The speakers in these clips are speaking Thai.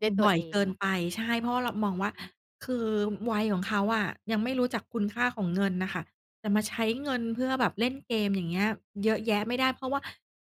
ด้วยตับว่อยเอเงกิเนหรอ? ไป ใช่ เพราะว่าเรามองว่อา ือฮึ คือวัยของเขาอะยังไม่รู้จักคุณค่าของเงินน่ะค่ะ จะมาใช้เงินเพื่อแบบเล่นเกม อย่างเงี้ย เยอะแยะไม่ได้ เพราะว่า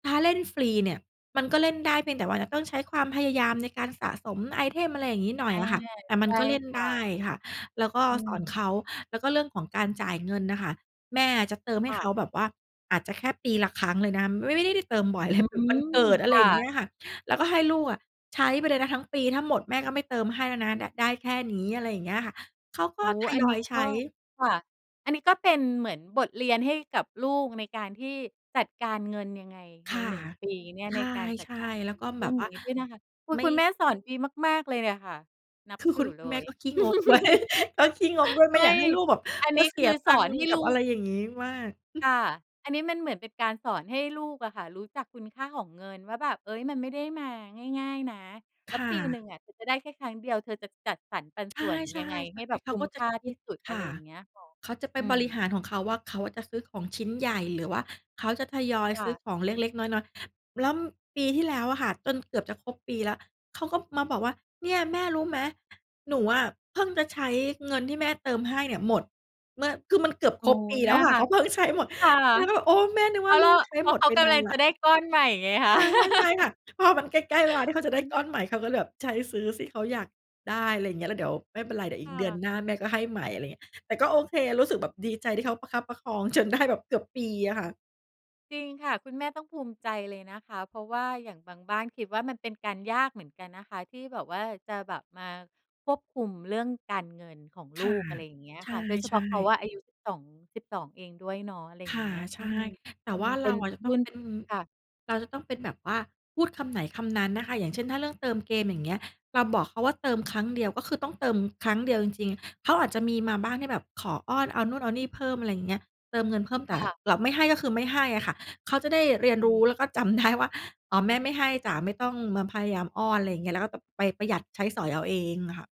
ถ้าเล่นฟรีเนี่ย มันก็เล่นได้เพียงแต่ว่าจะต้องใช้ความพยายามในการสะสมไอเทม อะไรอย่างงี้ หน่ออยา อะค่ะ แต่มใชัน่ก็เล่นคไ่ดะ ้ค่ะ แล้วก็อืสอนม เขา แล้วก็เรื่องของการจ่ายเงินน่ะค่ะ แม่จะเติมใคห้่เะ ขาแบบว่า อาจจะแค่ปีละครั้งเลยนะ ไม่ ไม่ได้ ได้เติมบ่อยเอลืย แบบม วันเกิด อคะไร่อย่างเงะ ี้ยค่ะ แล้วก็ให้ลูกอะใช้ไปเลยนะทั้งปี ถ้าหมดแม่ก็ไม่เติมให้แล้วนะ ด ได้แค่นี้ อะไรอย่างเงี้ยค่ะ เขากโอ็้โฮ ทอัยนนอี้ยใกช็ ้ ค่ะ อันนี้ก็เป็นเหมือนบทเรียนให้กับลูก ในการที่จัดการเงินยังไงคใน ่ะ 1 ปีเนี่ย ใในการจัดช่ การๆ แล้วก็เรแืบ่อบงว่นา ี้ด้วยนะคะ คือไม่ คุณแม่สอนดีมาก ๆ เลยเนี่ยค่ะ นับคือถคืุณอเลแม่ย ก็ขี้งกด้วย ก็ขี้งกด้วย ไมไ่มอย่ ากให้ลูกแบบอันมนีา้เสคีือยตสัองคน์ให้กัลบูอะไรก อย่างงี้มาก ค่ะ อันนี้มันเหมือนเป็นการสอนให้ลูกอะค่ะ รู้จักคุณค่าของเงินว่าแบบ เอ๊ย มันไม่ได้มาง่าย ๆ นะ แลค้ว่ปีหนึ่ะ งอะเธอจะได้แค่ครั้งเดียว เธอจะจัดสรรปันใชส่วนยั่ งไงให้ๆ แบบๆ เขคาุ้มก็จคะ่าคทิี่ด สุด อคะไร่ะ อย่างเงี้ยค่ะ เขาจะไปอืบอริฮหารึ ของเขาว่า เขาอะจะซื้อของชิ้นใหญ่ หรือว่าเขาจะทยอยคซ่ื้อะ ของเล็ก ๆ น้อย ๆ แล้วปีที่แล้วอะค่ะ จนเกือบจะครบปีแล้ว เขาก็มาบอกว่า "เนี่ยแม่รู้ไหม? หนูอะเพิ่งจะใช้เงินที่แม่เติมให้เนี่ยหมด" เมื่อ คือมันเกือบโอค้รบโฮ ปีแลน้่วาค่ะ รัเขาก เพิ่งใช้หมด ค่ะ เราก็แบบ โอ้ แม่นึกเพรว่าาะเลรูา กใช้เพรหามะดเขาไปกนำาลันงแลจ้ว ะได้ก้อนใหม่ไงคคะ ่ะ ใช่ ๆ ค่ะ พอมันใกล้ ๆ เวลาที่เขาอืจะอได้ฮกึ ้อนใหม่เขาก็เลยแบบ ใช้ซื้อซี่เขาอยาก ได้ อะไรอย่างเงี้ย แล้วเดี๋ยวไม่เป็นไร เดี๋ยวอคี่ก เดือนะ หน้าแม่ก็ให้ใหม่ อะไรอย่างเงี้ย แต่ก็โอเค รู้สึกแบบดีใจที่เขาประคับประคอง จนได้ แบบเกือบปีอะค่ะ จริงค่ะ คุณแม่ต้องภูมิใจเลยนะคะ เพราะว่าอย่างบางบ้านคิดว่ามันเป็นการยากเหมือนกันนะคะ ที่แบบว่าจะแบบมาควบคุมเรื่องการเงินของคลู่ะ ก อะไรอย่างเงี้ยใค่ะ โดยเฉชพา่ ะเขาๆ อะอายุสิบสอง 12 เองด้วยเนาะ อะไรอย่คาง่เงะ ี้ย ใชอื่ ม แตม่ันว่าเปเ็รานอะจะรตุ้อ่งน เป็น ค่ะ เราจะต้องเป็นแบบว่า พูดคำไหนคำนั้นนะคะ อย่างเช่น ถ้าเรื่องเติมเกมอย่างเงี้ย เราบอกเขาว่าเติมครั้งเดียว ก็คือต้องเติมครั้งเดียวจริง ๆ เขาอาจจะมีมาบ้างที่แบบขออ้อน เอานู่นเอานี่เพิ่ม อะไรอย่างเงี้ย เติมเงินเพิ่ม คแต่่ะ เราไม่ให้ก็คือไม่ให้อะค่ะ เขาจะได้เรียนอืรูม ้แล้วก็จำ ได้ว่า อ๋อ แม่ไม่ให้จ๊ะ ไม่ต้องมาพยายามอ้อน อะไรอย่างเงี้ย แล้วก็ไปประหยัดใช้สอยเอาเองอะค่ะ